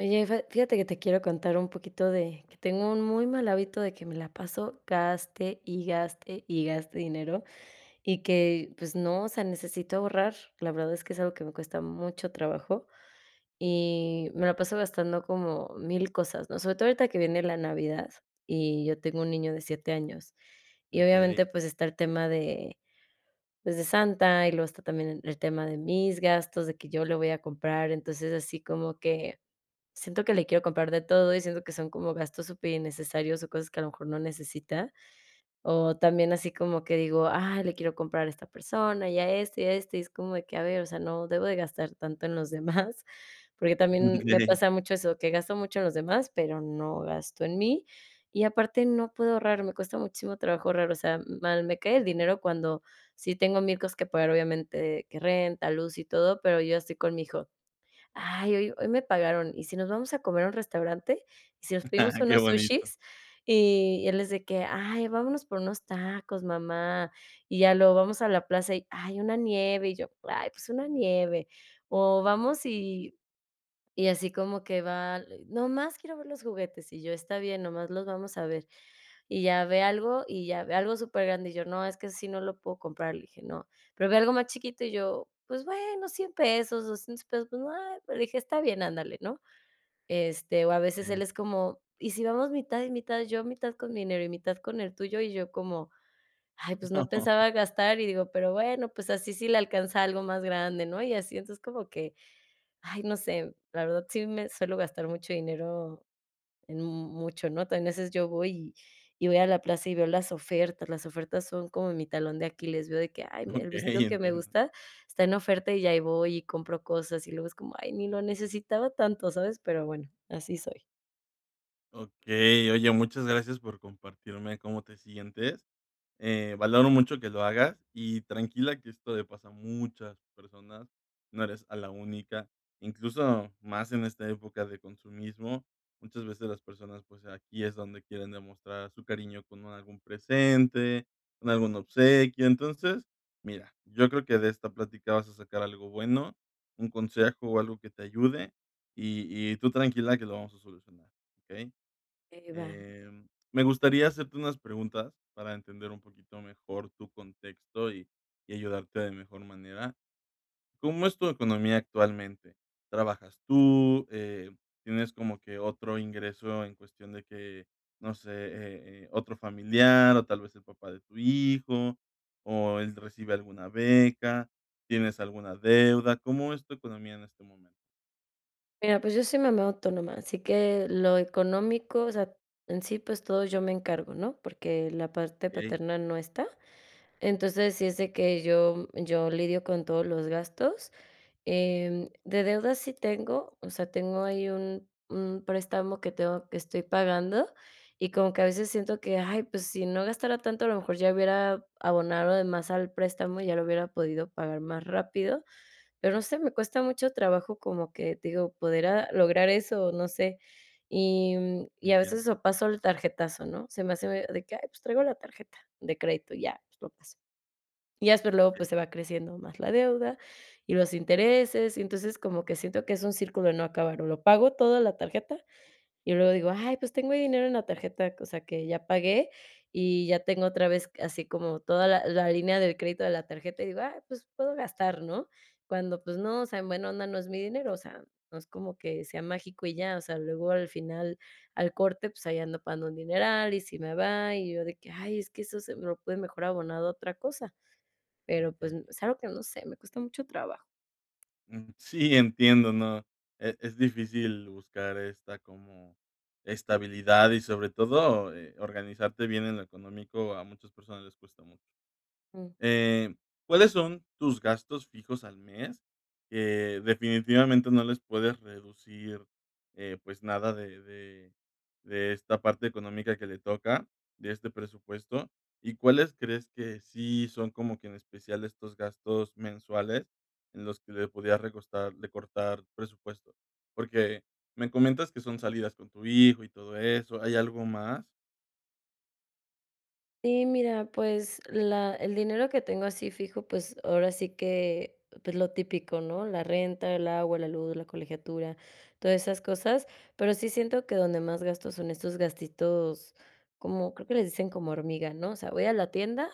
Oye, fe fíjate que te quiero contar un poquito de que tengo un muy mal hábito de que me la paso, gaste y gaste y gaste dinero y que pues no, o sea, necesito ahorrar. La verdad, es que es algo que me cuesta mucho trabajo y me la paso gastando como 1000 cosas, ¿no?, sobre todo ahorita que viene la Navidad, y yo tengo un niño de 7 años y Okey. obviamente, pues está el tema de, pues, de Santa. Y luego está también el tema de mis gastos, de que yo le voy a comprar. Entonces, así como que siento que le quiero comprar de todo y siento que son como gastos superinnecesarios o cosas que a lo mejor no necesita o también así como que digo: "Ah, le quiero comprar a esta persona y a este y a este", y es como que a ver, o sea, no debo de gastar tanto en los demás porque también me pasa mucho eso, que gasto mucho en los demás, pero no gasto en mí, y aparte no puedo ahorrar, me cuesta muchísimo trabajo ahorrar. O sea, mal, me cae el dinero cuando si tengo 1000 cosas que pagar obviamente que renta, luz y todo, pero yo estoy con mi hijo: "Ay, hoy hoy me pagaron y si nos vamos a comer a un restaurante y si nos pedimos Ah, qué unos bonito. sushis", y él es de que: "Ay, vámonos por unos tacos, mamá", y ya luego vamos a la plaza y ay, una nieve, y yo ay, pues una nieve, o vamos y y así como que va nomás, quiero ver los juguetes, y yo está bien nomás los vamos a ver, y ya ve algo y ya ve algo supergrande, y yo no, es que si no lo puedo comprar y dije: "No". Pero ve algo más chiquito y yo, pues bueno, $100 pesos, $200 pesos, pues va, le dije: "Está bien, ándale, ¿no?". Este, o a veces Sí. él es como, y si vamos mitad y mitad, yo mitad con mi dinero y mitad con el tuyo, y yo como ay, pues no No. pensaba gastar y digo: "Pero bueno, pues así, sí le alcanza algo más grande, ¿no?". Y así, entonces como que ay, no sé, la verdad, sí, me suelo gastar mucho dinero en mucho, ¿no?, también a veces yo voy y y voy a la plaza y veo las ofertas, las ofertas son como mi talón de Aquiles, veo de que ay, el vestido Okey, que me entiendo. gusta está en oferta y ahí voy y compro cosas, y luego es como ay, ni lo necesitaba tanto, ¿sabes? Pero bueno, así soy. Okey. Oye, muchas gracias por compartirme cómo te sientes, eh, valoro mucho que lo hagas y tranquila, que esto le pasa a muchas personas. No eres a la única, incluso más en esta época de consumismo. Muchas veces las personas, pues, aquí es donde quieren demostrar su cariño con algún presente, con algún obsequio. Entonces, mira, yo creo que de esta plática vas a sacar algo bueno, un consejo o algo que te ayude y y tú tranquila, que lo vamos a solucionar, ¿okey? Eh, va. Em, me gustaría hacerte unas preguntas para entender un poquito mejor tu contexto, y y ayudarte de mejor manera. ¿Cómo es tu economía actualmente? ¿Trabajas tú? Eh, ¿tienes como que otro ingreso en cuestión de que, no sé, eh, eh, otro familiar, o tal vez, el papá de tu hijo, o ¿él recibe alguna beca? ¿Tienes alguna deuda? ¿Cómo es tu economía en este momento? Mira, pues, yo soy mamá autónoma, así que lo económico, o sea, en sí, pues, todo yo me encargo, ¿no?, porque la parte Okey. paterna no está. Entonces, si es de que yo yo lidio con todos los gastos. Em, de deudas sí tengo, o sea, tengo ahí un un préstamo que tengo, que estoy pagando y como que a veces siento que: "¡Ay!, pues, si no gastara tanto, a lo mejor ya hubiera abonado de más al préstamo, ya lo hubiera podido pagar más rápido", pero, no sé, me cuesta mucho trabajo, como que, te digo, poder, ah, lograr eso o no sé, y y a veces Entiendo. eso pasó el tarjetazo, ¿no?, se me hace de que: "Ay, pues, traigo la tarjeta", de crédito y ya pues, lo paso. Ya, pues, luego, pues, Okey. se va creciendo más la deuda y los intereses, y entonces, como que siento que es un círculo de no acabar, o lo pago todo en la tarjeta y luego digo: "Ay, pues, tengo dinero en la tarjeta". O sea que ya pagué y ya tengo otra vez así como toda la la línea de crédito de la tarjeta y digo: "Ay, pues, puedo gastar", ¿no?, cuando, pues, no, o sea, en buena onda, no es mi dinero. O sea, no es como que sea mágico y ya, o sea, luego al final, al corte, pues, ahí ando pagando un dineral y si me va, y yo de que: "Ay, es que eso se lo puede mejor abonar a otra cosa", pero, pues, Okey. mm, es algo que no sé. Me cuesta mucho trabajo. Mm, sí, entiendo. No e es difícil buscar esta como estabilidad y sobre todo, eh, organizarte bien en lo económico. A muchas personas les cuesta mucho. Mm. Eh, ¿cuáles son tus gastos fijos al mes?, que definitivamente no les puedes reducir, eh, pues, nada de de de esta parte económica que le toca, de este presupuesto, ¿y cuáles crees que sí son como que en especial estos gastos mensuales en los que le podrías recostar recortar presupuesto?, porque me comentas que son salidas con tu hijo y todo eso, ¿hay algo más? Sí, mira, pues, la el dinero que tengo así fijo. Pues, ahora sí que, pues, lo típico, ¿no?, la renta, el agua, la luz, la colegiatura, todas esas cosas. Pero, sí siento que donde más gastos son estos gastitos como creo que les dicen como: "Hormiga", ¿no?, o sea, voy a la tienda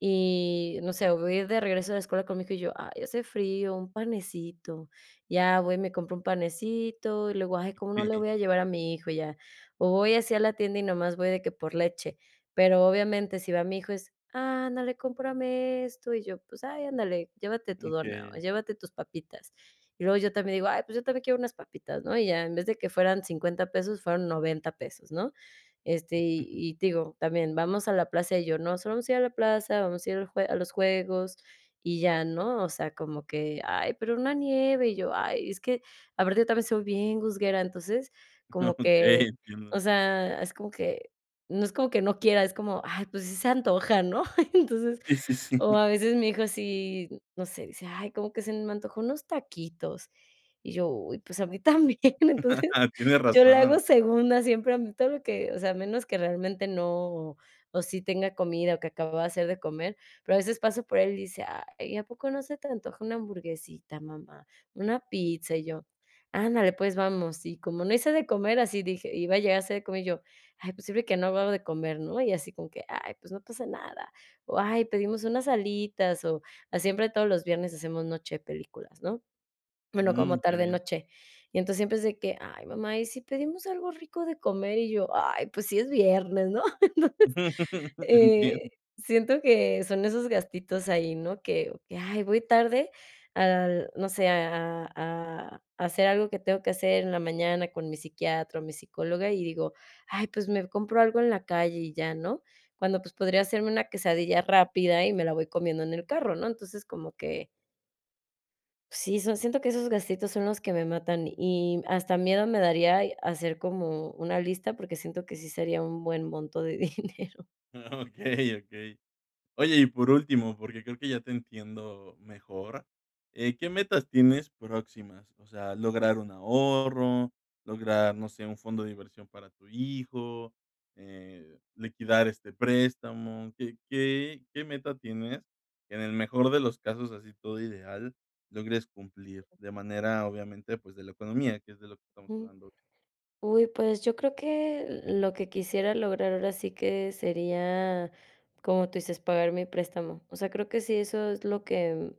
y no sé, voy a ir de regreso a la escuela con mi hijo y yo: "Ay, hace frío, un panecito". Ya voy, me compro un panecito y luego: "Ay, ¿cómo no le Sí. voy a llevar a mi hijo?", ya, o voy así a la tienda y nada más voy de que por leche. Pero obviamente si va mi hijo es: "Ándale, cómprame esto", y yo, pues: "Ay, ándale, llévate tu dona o Okey. llévate tus papitas" y luego yo también digo: "Ay, pues, yo también quiero unas papitas", ¿no?, y ya en vez de que fueran 50 pesos fueron 90 pesos, ¿no?, este, Mm. Ujú. y y te digo también vamos a la plaza y yo: "No solo vamos a ir a la plaza, vamos a ir al jue a los juegos y ya", ¿no?, o sea, como que: "Ay, pero, una nieve", y yo: "Ay, es que aparte también soy bien gusguera". Entonces como que, Okey, o entiendo. sea, es como que, no es como que no quiera. Es como: "Ay, pues, sí, se antoja", ¿no?, entonces, Sí, sí, sí. o a veces mi hijo sí, no sé, dice: "Ay, como que se me antojo unos taquitos", y yo: "Uy, pues, a mí también". Entonces, Tienes yo le hago razón. segunda siempre a mí, todo lo que o sea, a menos que realmente no, o sí tenga comida o que acababa de hacer de comer. Pero a veces paso por él y dice: "Ay ¿a poco no se te antoja una hamburguesita?, mamá, ¿una pizza?", y yo: "Ándale, pues, vamos". Y como no hice de comer así dije: "Iba a llegar a hacer de comer", y yo: "Ay, pues, sirve de que no hago algo de comer", ¿no?, y así como que: "Ay, pues, no pasa nada", o: "Ay, pedimos unas alitas o siempre todos los viernes hacemos noche películas", ¿no?, bueno, como Mm, qué tarde bien. noche. Y entonces, siempre es de que: "Ay, mamá, ¿y si pedimos algo rico de comer?", y yo: "Ay, pues, sí, es viernes", ¿no?, entonces, Entiendo. eh, siento que son esos gastitos ahí, ¿no?, que que: "Ay, voy tarde al no sé", a a a hacer algo que tengo que hacer en la mañana con mi psiquiatra o mi psicóloga y digo: "Ay, pues, me compro algo en la calle y ya", ¿no?, cuando, pues, podría hacerme una quesadilla rápida y me la voy comiendo en el carro, ¿no?, entonces como que. Sí, son, siento que esos gastitos son los que me matan y hasta miedo me daría hacer como una lista porque siento que sí sería un buen monto de dinero. Okey, okey. Oye, y por último, porque creo que ya te entiendo mejor. Eh, ¿qué metas tienes próximas? O sea, lograr un ahorro, lograr, no sé, un fondo de inversión para tu hijo, eh, liquidar este préstamo, ¿qué, qué, qué meta tienes que en el mejor de los casos, así todo ideal, logres cumplir? De manera obviamente, pues de la economía, que es de lo que estamos Uh. hablando. Ujú, pues yo creo que lo que quisiera lograr ahora sí que sería, como tú dices, pagar mi préstamo. O sea, creo que sí, eso es lo que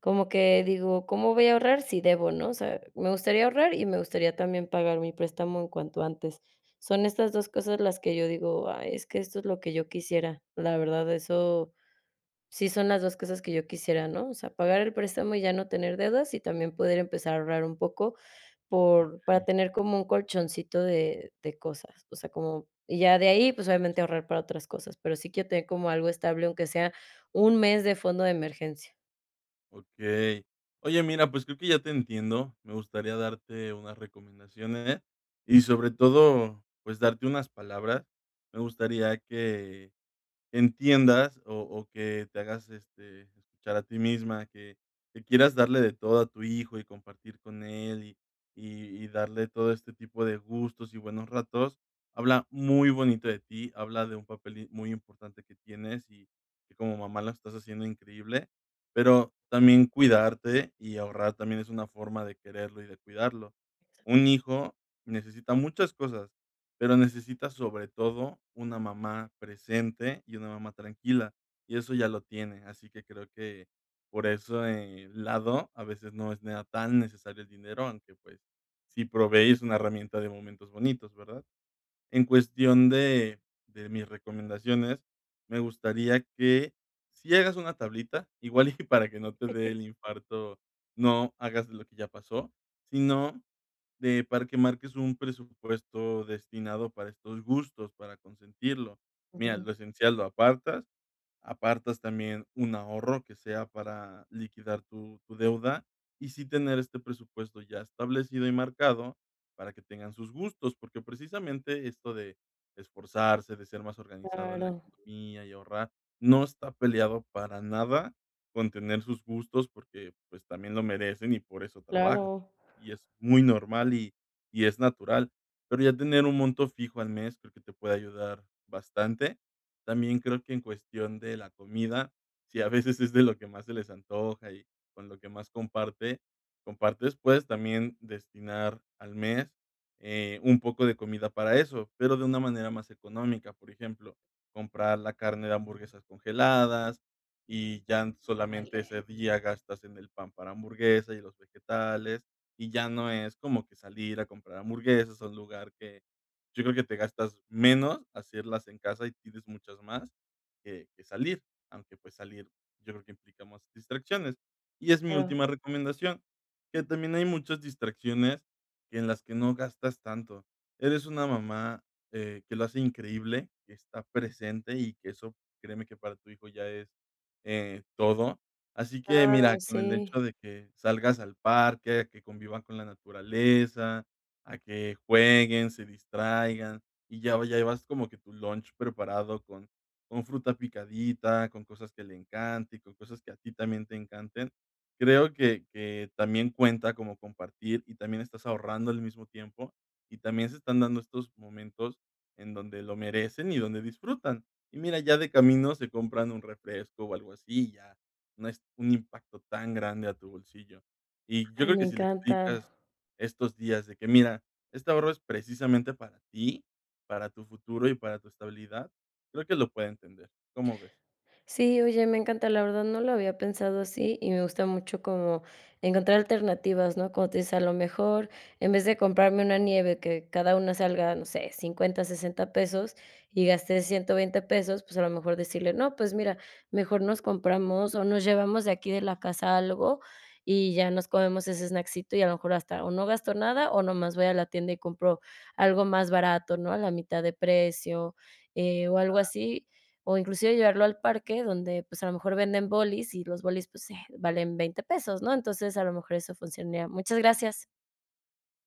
como que digo, ¿cómo voy a ahorrar? Sí debo, ¿no? O sea, me gustaría ahorrar y me gustaría también pagar mi préstamo en cuanto antes. Son estas 2 cosas las que yo digo: "Ay, es que esto es lo que yo quisiera", la verdad, eso si son las 2 cosas que yo quisiera, ¿no? O sea, pagar el préstamo y ya no tener deudas y también poder empezar a ahorrar un poco por para Okey. tener como un colchoncito de de cosas. O sea, como y ya de ahí, pues obviamente ahorrar para otras cosas, pero sí quiero tener como algo estable, aunque sea un mes de fondo de emergencia. Okey. Oye, mira, pues creo que ya te entiendo. Me gustaría darte unas recomendaciones y sobre todo, pues darte unas palabras. Me gustaría que entiendas o o que te hagas este escuchar a ti misma que que quieras darle de todo a tu hijo y compartir con él y y y darle todo este tipo de gustos y buenos ratos. Habla muy bonito de ti, habla de un papel y muy importante que tienes y que como mamá la estás haciendo increíble. Pero también cuidarte y ahorrar también es una forma de quererlo y de cuidarlo. Exacto. Un hijo necesita muchas cosas, pero necesita sobre todo una mamá presente y una mamá tranquila, y eso ya lo tiene. Así que creo que por ese lado, a veces no sea necesario el dinero, aunque pues si probéis una herramienta de momentos bonitos, ¿verdad? En cuestión de de mis recomendaciones, me gustaría que si hagas una tablita igual y para que no te dé el infarto, no hagas lo que ya pasó, sino de para que marques un presupuesto destinado para estos gustos para consentirlo. Mira, Ujú. lo esencial lo apartas, apartas también un ahorro que sea para liquidar tu tu deuda y sí tener este presupuesto ya establecido y marcado para que tengan sus gustos, porque precisamente esto de esforzarse, de ser más organizado en la Claro. economía y ahorrar no está peleado para nada con tener sus gustos porque pues también lo merecen y por eso trabajas Claro. y es muy normal y y es natural, pero ya tener un monto fijo al mes, creo que te puede ayudar bastante. También creo que en cuestión de la comida, si a veces es de lo que más se les antoja y con lo que más comparte compartes puedes también destinar al mes, eh, un poco de comida para eso, pero de una manera más económica, por ejemplo, comprar la carne de hamburguesas congeladas y ya solamente ese Dale. día gastas en el pan para hamburguesas y los vegetales, y ya no es como que salir a comprar hamburguesas a un lugar que yo creo que te gastas menos hacerlas en casa y tienes muchas más que que salir, aunque pues salir, yo creo que implica más distracciones, y es mi Claro. última recomendación que también hay muchas distracciones en las que no gastas tanto. Eres una mamá, eh, que lo hace increíble, que está presente y que eso créeme que para tu hijo ya es, eh, todo. Así que mira Claro, con el sí. hecho de que salgas al parque, que convivan con la naturaleza, a que jueguen, se distraigan y ya, lo llevas como que tu lunch preparado con con fruta picadita, con cosas que le encanten, con cosas que a ti también te encanten. Creo que que también cuenta como compartir y también estás ahorrando al mismo tiempo, y también se están dando estos momentos en donde lo merecen y donde disfrutan. Y mira, ya de camino se compran un refresco o algo así y ya no es un impacto tan grande a tu bolsillo. Y yo Ay, creo me que si le encanta. explicas estos días de que: "Mira, este ahorro es precisamente para ti, para tu futuro y para tu estabilidad", creo que lo puede entender, ¿cómo ves? Sí. Oye, me encanta la verdad, no lo había pensado así y me gusta mucho como encontrar alternativas, ¿no? Como tú dices: "A lo mejor en vez de comprarme una nieve que cada una salga, no sé, $50, $60, pesos, y gasté $120 pesos", pues a lo mejor decirle: "No, pues mira, mejor nos compramos o nos llevamos de aquí de la casa algo", y ya nos comemos ese snackito ,y a lo mejor hasta o no gasto nada o nomás voy a la tienda y compro algo más barato, ¿no? A la mitad de precio, eh, o algo Claro. así o inclusive llevarlo al parque donde pues a lo mejor venden bolis y los bolis pues, eh, valen $20 pesos ¿no? Entonces a lo mejor eso funcionaría. Muchas gracias.